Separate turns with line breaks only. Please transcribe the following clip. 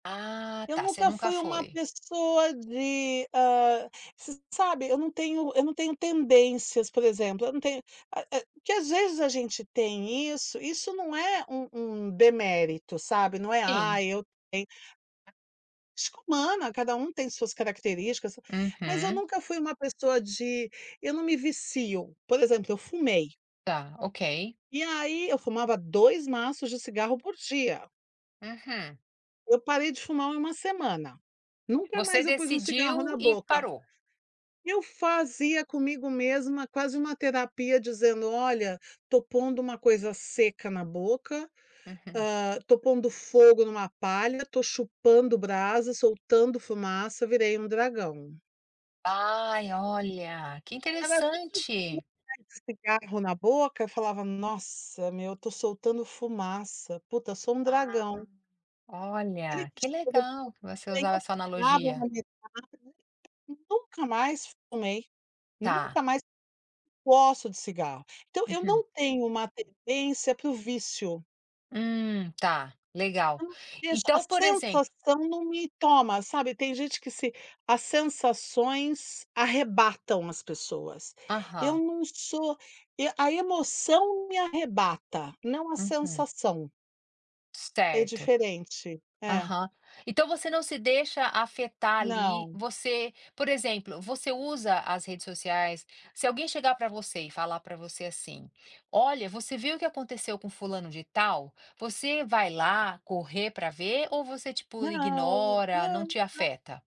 Ah,
Eu
tá, você
nunca
nunca
fui uma
foi.
pessoa de, hã, você sabe eu não tenho eu não tenho tendências, por exemplo, não tenho, ah, eh, que às vezes a gente tem isso, isso não é um um demérito, sabe, não é:
Sim.
"Ai, eu tenho" [unintelligible] humana cada um tem suas características mas eu
Uhum.
nunca fui uma pessoa de eu não me vicio, por exemplo, eu fumei.
Tá, ok.
E aí, eu fumava 2 maços de cigarro por dia.
Uhum.
Eu parei de fumar 1 semana. Nunca
Você
mais eu pus um cigarro
decidiu
na
e
boca.
parou?
Eu fazia comigo mesma quase uma terapia dizendo: "Olha, tô pondo uma coisa seca na boca,
Uhum.
hã, tô pondo fogo numa palha, tô chupando brasa, soltando fumaça, virei um dragão."
Ai, olha, que
Cada vez que eu
interessante!
colocava um cigarro na boca, falava: "Nossa, meu, tô soltando fumaça. Puta, sou um
Ah,
dragão." Olha
olha,
que
que legal que você usar essa analogia.
[unintelligible] nunca mais fumei,
Tá.
nunca mais gosto de cigarro então eu
Uhum.
não tenho uma tendência para o vício.
Hum, tá,
Eu
legal,
não vejo a
então, por exemplo
sensação não me toma sabe. Tem gente que se as sensações arrebatam as pessoas. Eu
Aham.
não sou e a emoção não me arrebata, não a
Uhum.
sensação. É
Certo,
diferente, é.
aham. Então você não se deixa afetar, ali,
Não.
você, por exemplo, você usa as redes sociais se alguém chegar pra você e falar pra você assim: "Olha, você viu o que aconteceu com fulano de tal?" Você vai lá correr pra ver ou você, tipo,
Não.
ignora, não te
[unintelligible]
afeta?